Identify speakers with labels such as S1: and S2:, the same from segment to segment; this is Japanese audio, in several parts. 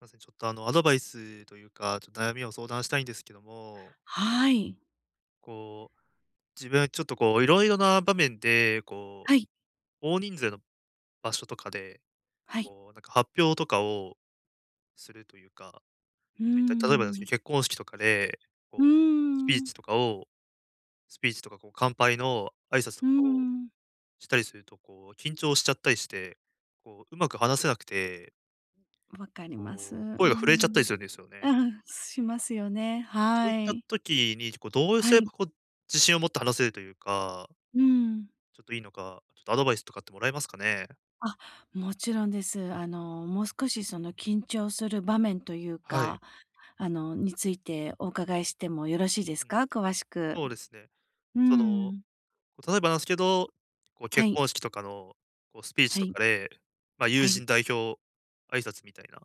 S1: ません、ちょっと、あの、アドバイスというか、ちょっと悩みを相談したいんですけども。
S2: はい。
S1: こう、自分はちょっとこういろいろな場面で、こ
S2: はい。
S1: う、大人数の場所とかで、
S2: はい。
S1: こうなんか発表とかを、するというか、
S2: うー
S1: そういった例えばなんですけ
S2: ん。
S1: ど、結婚式とかで、
S2: う
S1: こ
S2: ー
S1: うスピーチ
S2: ん。
S1: とかをスピーチとかこう乾杯の挨拶
S2: う
S1: と
S2: ー
S1: かを
S2: ん。
S1: したりすると、こう緊張しちゃったりして、こううまく話せなくて
S2: 分かります。う
S1: こ
S2: ん
S1: う、
S2: う
S1: 声が震えちゃったり
S2: ん。
S1: するんですよ
S2: う
S1: ね。
S2: んうん。しますよね、
S1: そうい
S2: は
S1: った
S2: い。
S1: 時に、こうどうす
S2: は
S1: れ
S2: い。
S1: ばこう、自信を持って話せるというか
S2: うん。
S1: ちょっといいのか、ちょっとアドバイスとかってもらえますかね？
S2: あ、もちろんです。あの、もう少し、その緊張する場面という
S1: はい。
S2: か、あのについてお伺いしてもよろしいで
S1: う
S2: す
S1: ん。
S2: か？詳しく。
S1: そうですね。
S2: うー
S1: その、
S2: ん。
S1: 例えばなんですけど、こう
S2: は
S1: 結
S2: い。
S1: 婚式とかのこうスピーチ
S2: は
S1: と
S2: い。
S1: かで、ま、友
S2: は
S1: 人
S2: い。
S1: 代表挨拶みたいな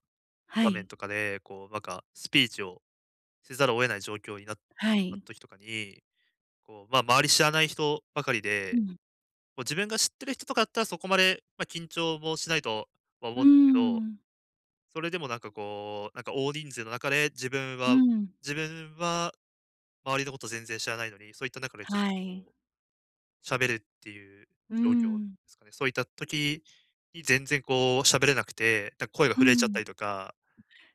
S2: は
S1: 場面
S2: い。
S1: とかで、こうなんかスピーチをせざるを得ない状況になった
S2: はい。
S1: 時とかに、こう、ま周り知らない人ばかり
S2: う
S1: で、
S2: ん。
S1: もう自分が知ってる人とかだったら、そこまで、ま、緊張もしないとは、ま、
S2: う
S1: 思
S2: ー
S1: うんですけど、
S2: ん。
S1: それでもなんかこう、なんか大人数の中で、自分
S2: う
S1: は
S2: ん。
S1: 自分は周りのこと全然知らないのに、そういった中でちょっ
S2: は
S1: と、
S2: い。
S1: 喋るっていう
S2: う
S1: 状況
S2: ん。
S1: すかね、そういった時に全然こうしゃべれなくて、だ声が
S2: う
S1: 震えちゃった
S2: ん。
S1: りとか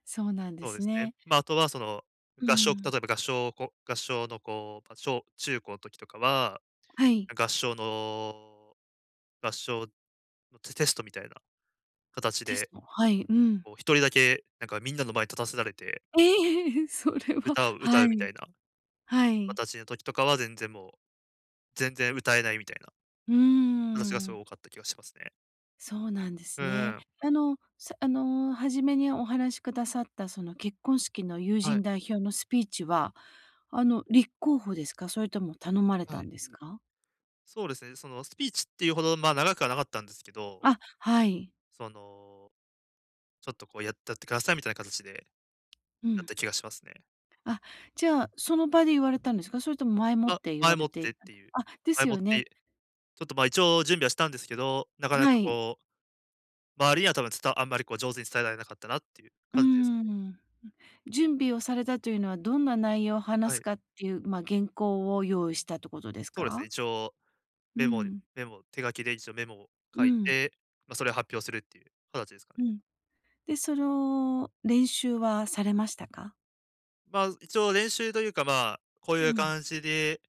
S2: そうなんで
S1: そうで
S2: す
S1: すね。
S2: ね。
S1: ま、あとはその、
S2: う
S1: 合唱例
S2: ん。
S1: えば合唱こ合唱のこう、ぱ、小中高の時とかは、
S2: はい。
S1: 合唱の、合唱のテテストみたいな形
S2: テス
S1: で、
S2: ト、はい、うん。
S1: こう1人だけなんかみんなの前に立たせられて
S2: ええ、それは、
S1: 歌を歌
S2: は
S1: うみた
S2: い。
S1: いな。
S2: はい。
S1: 私の時とかは全然もう、全然歌えないみたいな。
S2: うー
S1: 私がすご
S2: ん。
S1: い多かった気がしますね。
S2: そうなんで
S1: う
S2: す
S1: ん
S2: ね。
S1: うん。
S2: あのあの初めにお話しくださったその結婚式の友
S1: はい。
S2: 人代表のスピーチは、あの立候補ですか？それとも頼まれ
S1: は
S2: た
S1: い。
S2: んですか？
S1: そうですね。その、スピーチっていうほど、ま、長くはなかったんですけど。
S2: あ、はい。
S1: その、ちょっとこうやってやってくださいみたいな形で、
S2: う
S1: だっ
S2: ん。
S1: た気がしますね。
S2: あ、じゃあその場で言われたんですか？それとも前もっ
S1: あ、
S2: て言わ
S1: 前も
S2: れ
S1: っ
S2: て？
S1: てっていう、
S2: あ、で
S1: 前
S2: す
S1: もっ
S2: よね。
S1: て、ちょっとまあ、一応準備はしたんですけど、なかな
S2: は
S1: か
S2: い。
S1: こう。周りには多分、つたあんまりこう上手に伝えられなかったなっていう
S2: うー
S1: 感じですかね。
S2: ん。準備をされたというのはどんな内容を
S1: は
S2: 話す
S1: い。
S2: かっていう、まあ原稿を用意したということです
S1: そうです
S2: か？
S1: ね、一応
S2: う
S1: メモ
S2: ん。
S1: メモ、手書きで一応メモを
S2: う
S1: 書い
S2: ん。
S1: て、ま、それを発表するっていう形ですか
S2: う
S1: ね。
S2: ん。で、その、練習はされましたか？
S1: まあ、一応練習というか、まあ、こう
S2: う
S1: いう
S2: ん。
S1: 感じで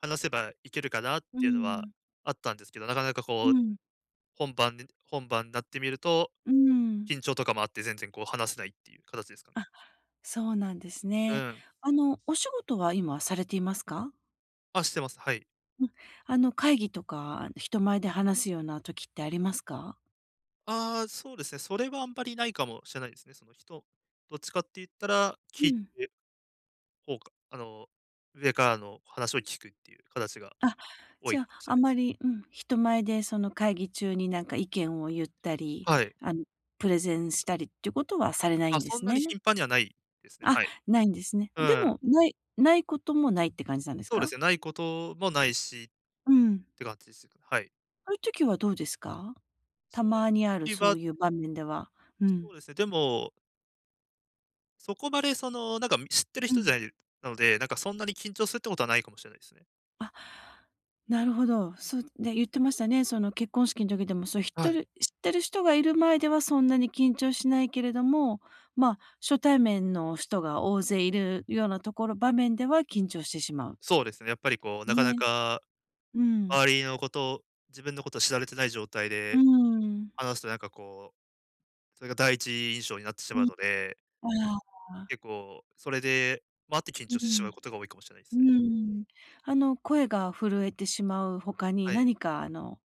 S1: 話せばいけるかなっ
S2: う
S1: ていうのは
S2: ん。
S1: あったんですけど、なかなか
S2: う
S1: こう、
S2: ん。
S1: 本番で本番になってみると、
S2: うん。
S1: 緊張とかもあって、全然、こう、話せないっていう形ですかね。
S2: あ、そうなんです
S1: う
S2: ね。
S1: ん。
S2: あの、お仕事は今、されていますか？
S1: あ、してます、はい。
S2: うん、あの、会議とか、人前で話すような時ってありますか？
S1: ああ、そうですね。それはあんまり無いかもしれないですね、その人どっちかって言ったら、
S2: う
S1: 聞い
S2: ん。
S1: て、ほうか、あの、上からの話を聞くっていう形が、
S2: あ、
S1: 多い
S2: じゃ、
S1: かもしれ
S2: あ
S1: な
S2: ん
S1: いです。
S2: まりうん、人前でその会議中に何か意見を言ったり、
S1: はい。
S2: あの、プレゼンしたりっていうことはされない
S1: あ、
S2: んで
S1: そん
S2: す
S1: な
S2: ね？
S1: に頻繁には無いですね、
S2: あ、
S1: はい。
S2: 無いんですね。
S1: う
S2: で
S1: ん。
S2: も、無い、無いこともないって感じなんです
S1: そうで
S2: か？
S1: すね、無いこともないし、っ
S2: うん。
S1: て感じです、はい。
S2: そういう時はどうですか？た
S1: そう
S2: まにあ
S1: い、
S2: る、
S1: き
S2: そ
S1: ば
S2: ういう場面では。う
S1: そう
S2: ん。
S1: ですね、でもそこまでその、なんか、う、知ってる
S2: う
S1: 人じゃ
S2: ん。
S1: なので、なんかそんなに緊張するってことはないかもしれないですね。
S2: あ、なるほど。そう、ね、言ってましたね。その結婚式の時でも、そうひっ
S1: は
S2: と
S1: い。
S2: る、知ってる人が居る前ではそんなに緊張しないけれども、ま、初対面の人が大勢居るようなところ場面では緊張してしまう。
S1: そうですね。やっぱりこう、なかな
S2: ね。
S1: か、
S2: うん。
S1: 周りのこと自分のことを知られてない状態
S2: うー
S1: で、
S2: ん。
S1: 話すとなんかこう、それが第一印象になってし
S2: う
S1: まう
S2: ん。
S1: ので。
S2: ああ。
S1: 結構、それでもあって、緊
S2: う
S1: 張してしま
S2: ん。
S1: うことが多いかもしれないで
S2: うー
S1: すね。
S2: ん。あの、声が震えてしまう他に、
S1: はい。
S2: 何かあの、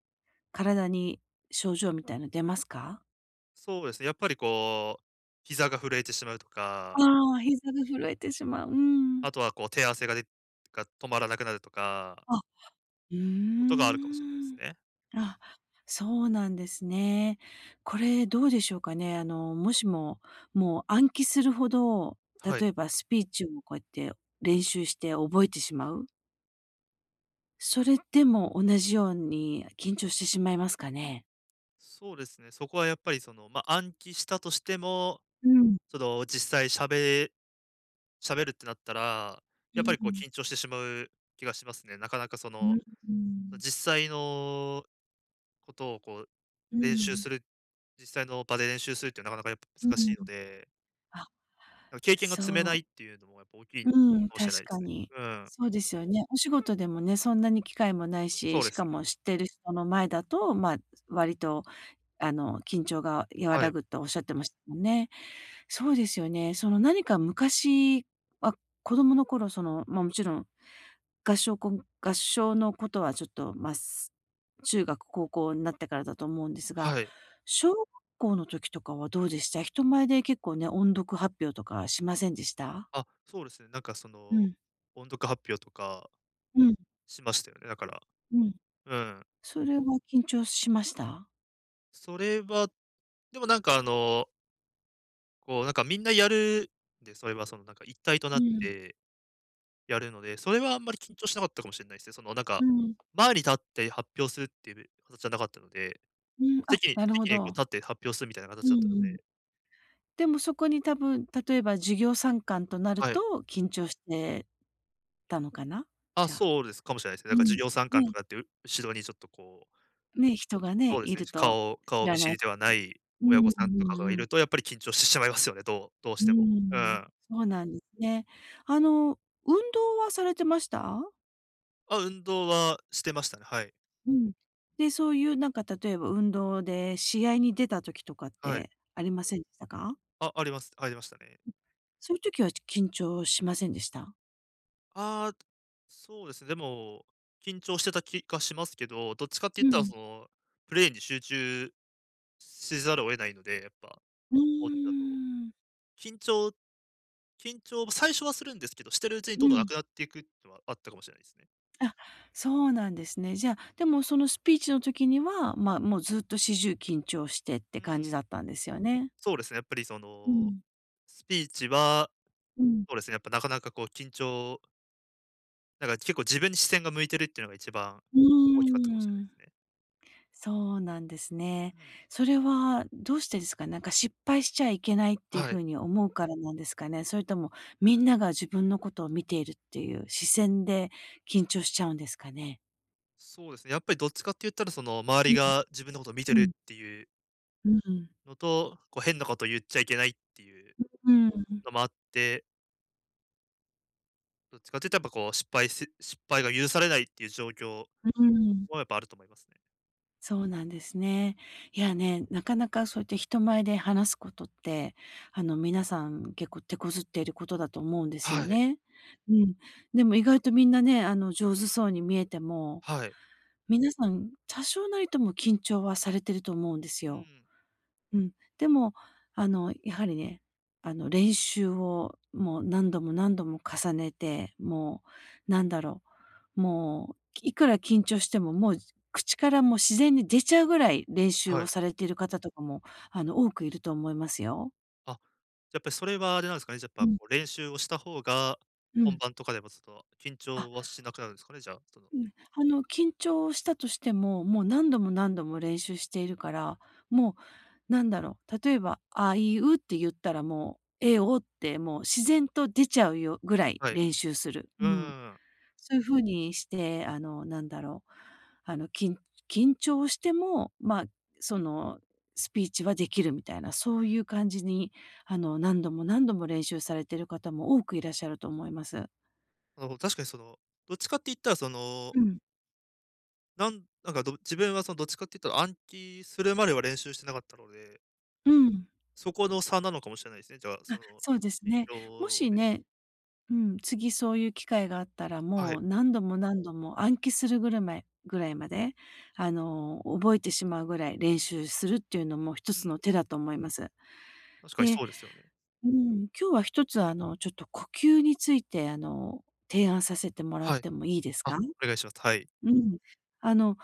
S2: 体に症状みたいの出ますか？
S1: そうですね、やっぱりこう膝が震えてしまうとか
S2: あ、膝が震えてしまう。うん。
S1: あとはこう手汗が出か止まらなくなるとか
S2: あ、うー
S1: ことがあるかもしれないです
S2: ん。
S1: ね。
S2: あ、そうなんですね。これどうでしょうかね。あの、もしも、もう暗記するほど、
S1: は
S2: 例
S1: い。
S2: えばスピーチをこうやって練習して覚えてしまう。それでも同じように緊張してしまいますかね？
S1: そうですね。そこはやっぱり、その、ま、暗記したとしても、
S2: うん。
S1: ちょっと実際しゃべ喋るってなったら、
S2: う
S1: やっぱ
S2: ん
S1: り
S2: う
S1: こう
S2: ん。
S1: 緊張してしまう気がしますね。なかなかそ
S2: う
S1: の、
S2: んうん。
S1: 実際のことをこう
S2: うん、
S1: 練習
S2: ん。
S1: する実際の場で練習するってなかなかやっぱ
S2: う
S1: 難し
S2: ん。
S1: いので。
S2: あ、
S1: なん経験が積めない
S2: そ
S1: っていうのもやっぱ大きい
S2: う。
S1: か
S2: うん、
S1: もし
S2: 確
S1: れないで
S2: か
S1: すね。
S2: に。
S1: うん。
S2: そうですよね。お仕事でもね、そんなに機会もないし、
S1: そうで
S2: し
S1: す
S2: か
S1: ね。
S2: も知ってる人の前だと、ま、割と、あの緊張が和
S1: は
S2: ら
S1: い。
S2: ぐとおっしゃってましたもんね。そうですよね。その何か昔は、子供の頃、その、ま、もちろん、合唱こん合唱のことはちょっと、ます、中学、高校になってからだと思うんですが、
S1: はい。
S2: 小学校の時とかはどうでした、人前で結構ね、音読発表とかしませんでした？
S1: あ、そうですね。なんかそ
S2: う
S1: の、
S2: ん。
S1: 音読発表とか
S2: うん。
S1: しましたよね、だから、
S2: うん。
S1: うん。
S2: それは緊張しました？
S1: それは、でも、なんか、あのこう、なんか、みんなやるんで、それは、その、なんか一体と
S2: う
S1: なっ
S2: ん。
S1: てやるので、それはあんまり緊張しなかったかもしんないすね。その、なん
S2: う
S1: か、
S2: ん。
S1: 前に立って発表するっていうぶ形じゃなかったので、
S2: うん、あ、
S1: 席に
S2: なるほ
S1: 席に、こう、
S2: ど。
S1: 立って発表するみたいな
S2: うん
S1: 形だったの
S2: うん。
S1: で。
S2: でも、そこに多分、例えば授業参観となる
S1: はい。
S2: と緊張してたのかな？
S1: あ、
S2: じゃあ。
S1: そうです、かもしれないです。
S2: う
S1: だから、授
S2: ん、
S1: 業参観と
S2: ね。
S1: かって、う後ろに、ちょっとこう
S2: ね、人が
S1: そ
S2: ね、
S1: うで
S2: い
S1: すね、
S2: る
S1: し
S2: と、
S1: 顔
S2: 知
S1: 顔
S2: ら
S1: 見
S2: な
S1: 知
S2: い
S1: りでは
S2: 人
S1: な
S2: か、
S1: い
S2: うー
S1: 親御
S2: ん、
S1: さんと
S2: う
S1: か
S2: ん
S1: が
S2: う
S1: い
S2: ん。
S1: ると、やっぱり緊張してしまい ますよね。どうどう
S2: う
S1: し
S2: ー
S1: ても。うんう
S2: ん。
S1: ん。
S2: そうなんですね。あの、運動はされてました？
S1: あ、運動はしてましたね、はい。
S2: うん。で、そういう、なんか、例えば運動で試合に出た時とかっ
S1: はい。
S2: てありませんでしたか？
S1: あ、ありますありましたね。
S2: そういう時は、ち緊張しませんでした？
S1: ああ。そうです。でも、緊張してた気がしますけど、どっちかって
S2: う
S1: いったら、
S2: ん。
S1: その、プレイに集中しざるを得ないんでやっぱ、
S2: うー
S1: スポーツだと、
S2: ん。
S1: 緊張緊張は、最初はするんですけど、してるうちに、
S2: う
S1: どんどんな
S2: ん。
S1: くなっていくのは、あったかもしれないすね。
S2: あ、そうなんですね。じゃあ、でも、その、スピーチの時には、ま、もう、ずっと始終緊張してって
S1: う
S2: 感
S1: ーん。
S2: じだったんですよね？
S1: そうですね、やっぱり、そ
S2: う
S1: の、
S2: ん。
S1: スピーチは、
S2: うん。
S1: そうですね、やっぱなかなか、こう、緊張なんか結構、自分に視線が向いてるっていうのが一番
S2: う
S1: 大きかったかもしれない
S2: ー
S1: で
S2: ん。
S1: すね。
S2: そうなんですね。
S1: うん。
S2: それはどうしてですか。なんか失敗しちゃいけないっていう
S1: はい。
S2: 風に思うからなんですかね？それとも、みんなが自分のことを見ているっていう視線で緊張しちゃうんですかね？
S1: そうですね。やっぱりどっちかって言ったら、その、周
S2: う
S1: り
S2: ん。
S1: が自分のことを見て
S2: う
S1: る
S2: ん。
S1: っていう
S2: うん。
S1: のと、こう変なこと言っちゃいけないっていう、
S2: うん、うーん。
S1: のもあってどっちかって言うとやっぱこう、失敗す失敗が許されないっていう状況
S2: うーん。
S1: は、やっぱあると思いますね。
S2: そうなんですね。いやね、なかなかそうやって人前で話すことって、あの皆さん結構手こずっていることだと思うんです
S1: は
S2: よ
S1: い。
S2: ね。うん。でも意外とみんなね、あの上手そうに見えても、
S1: はい。
S2: 皆さん多少なりとも緊張はされてると思うんです
S1: うー
S2: よ。
S1: ん。
S2: うん。でも、あのやはりね。あの練習をもう、何度も何度も重ねてもう、なんだろう、もういくら緊張しても、もう口からもう、自然に出ちゃうぐらい練習
S1: は
S2: を
S1: い。
S2: されている方とかもあの、多くいると思いますよ。
S1: あ、じゃ、やっぱりそれはあれなんですかね、じゃや
S2: う
S1: っぱ
S2: ん。
S1: こう練習をした方が、
S2: う
S1: 本
S2: ん。
S1: 番とかでもその、ちょっと緊
S2: あ。
S1: 張はしなくなるんですかね、じゃあ、その。
S2: うん、あの緊張したとしても、もう何度も何度も練習しているから、もう何だろう、例えば、あいうって言ったらもう、えおってもう自然と出ちゃうよぐらい
S1: はい。
S2: 練習する。
S1: うんう
S2: う
S1: ん
S2: ん。
S1: うん。
S2: そういう風にして、あの何だろう、あのきん緊張しても、ま、そのスピーチはできるみたいな、
S1: う
S2: そ
S1: ん。
S2: ういう感じにあの何度も何度も練習されてる方も多くいらっしゃると思います。
S1: あの、確かに、その、どっちかって言ったら、その。
S2: うん。
S1: なんなんか、ど自分はそのどっちかっていうと、暗記するまでは練習してなかったので。
S2: うん。
S1: そこの差なのかもしれないですね、じゃあ、そ
S2: あ、
S1: の、
S2: そうです
S1: 緊
S2: ね。も
S1: 張を
S2: し
S1: め
S2: ね、うん、次そういう機会があったら、
S1: は
S2: も
S1: い。
S2: う何度も何度も暗記するぐるめいぐらいまで、あの覚えてしまうぐらい練習するっていうのも一
S1: う
S2: つの
S1: ん。
S2: 手だと思います。
S1: 確かに
S2: で
S1: そうですよね。
S2: うん、今日は1つ、あの、ちょっと呼吸について、あの、提案させてもらっ
S1: はい。
S2: てもいいです
S1: あ、
S2: か？
S1: お願いします。はい。
S2: うん。あの。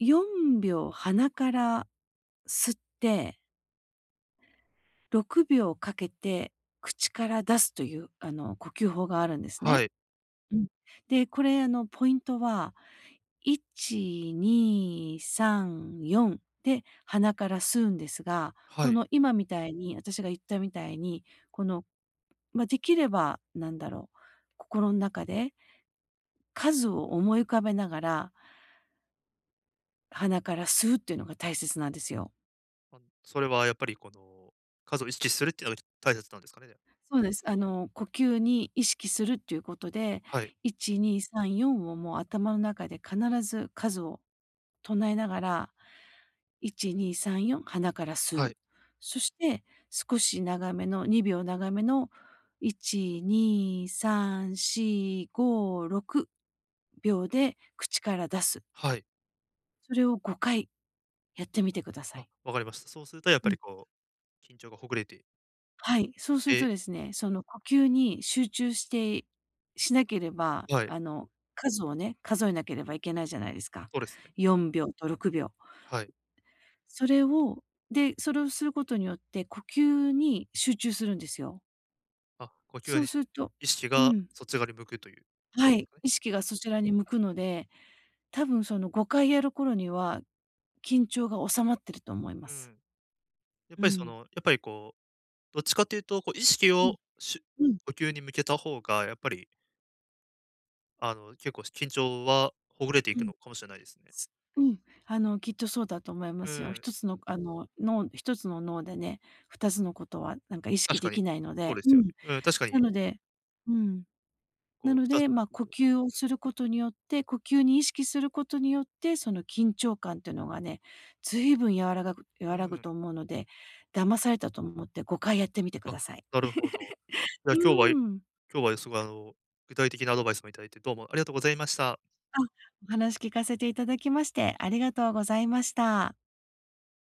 S2: 4秒鼻から吸って6秒かけて口から出すというあの、呼吸法があるんです
S1: は
S2: ね。
S1: い。
S2: うん。で、これあの、ポイントは1、2、3、4で鼻から吸うんですが、
S1: は
S2: こ
S1: い。
S2: の今みたいに、私が言ったみたいに、この、ま、できれば、なんだろう、心ん中で。数を思い浮かべながら。鼻から吸うっていうのが大切なんですよ。
S1: あ、それはやっぱり、この数を意識するっていうのがき大切なんですかね？
S2: そうです。あの呼吸に意識するっていう事で、
S1: はい。
S2: 1、2、3、4を、もう頭の中で必ず数を唱えながら、1、2、3、4、鼻から
S1: は
S2: 吸
S1: い。
S2: う。そして、少し長めの、2秒長めの、1、2、3、4、5、6秒で口から出す。
S1: はい。
S2: それを5回やってみて下さい。
S1: あ、分かりました。そうすると、やっぱ
S2: う
S1: り、
S2: ん。
S1: こう、緊張が解れて
S2: はい、そうする
S1: え。
S2: とですね、その呼吸に集中してしなければ、
S1: はい。
S2: あの、数をね、数えなければいけないじゃないですか。
S1: そうですね。
S2: 4秒と6秒。
S1: はい。
S2: それをで、それをする事によって、呼吸に集中するんですよ。
S1: あ、呼吸
S2: そう
S1: に
S2: すると
S1: 意識
S2: う
S1: が
S2: ん。
S1: そっち側に向くという事
S2: は
S1: なんです
S2: い、
S1: かね。
S2: 意識がそちらに向くので、多分その、5回やる頃には、緊張が収まってると思いま
S1: う
S2: す。
S1: ん。やっ
S2: う
S1: ぱり、その、
S2: ん。
S1: やっぱり、こう、どっちかっていうと、こう、意識
S2: うん、
S1: をしゅ
S2: うん。
S1: 呼吸に向けた方が、やっぱりあの結構し緊張は解れてい
S2: う
S1: く
S2: ん。
S1: のかもしれないですね。
S2: うん。あの、きっとそうだと思いま
S1: う
S2: すよ。ひ
S1: ん。
S2: とつのあの、脳1つの脳でね、2つの事は、なんか意識
S1: 確か
S2: 出
S1: に。
S2: 来ないの
S1: そう
S2: で。
S1: です
S2: う
S1: よ
S2: ん、
S1: ね。うん、確か
S2: な
S1: に。
S2: のでうん。な
S1: こう、
S2: の
S1: 2つ
S2: で、
S1: の
S2: ま、呼
S1: 事を
S2: 吸を
S1: う
S2: す
S1: ん。
S2: る事によって、呼吸に意識する事によって、その緊張感というのがね、随分やわらがぐ
S1: う
S2: 和らぐ
S1: ん。
S2: と思うので、騙されたと思って5回やってみて
S1: あ、
S2: 下さい。
S1: なるほど。じゃあ、
S2: う
S1: 今日はい
S2: ーん。
S1: 今日は、凄いあの、具体的なアドバイスも頂いて、どうもありがとうございました。
S2: あ、お話聞かせて頂きまして、ありがとうございました。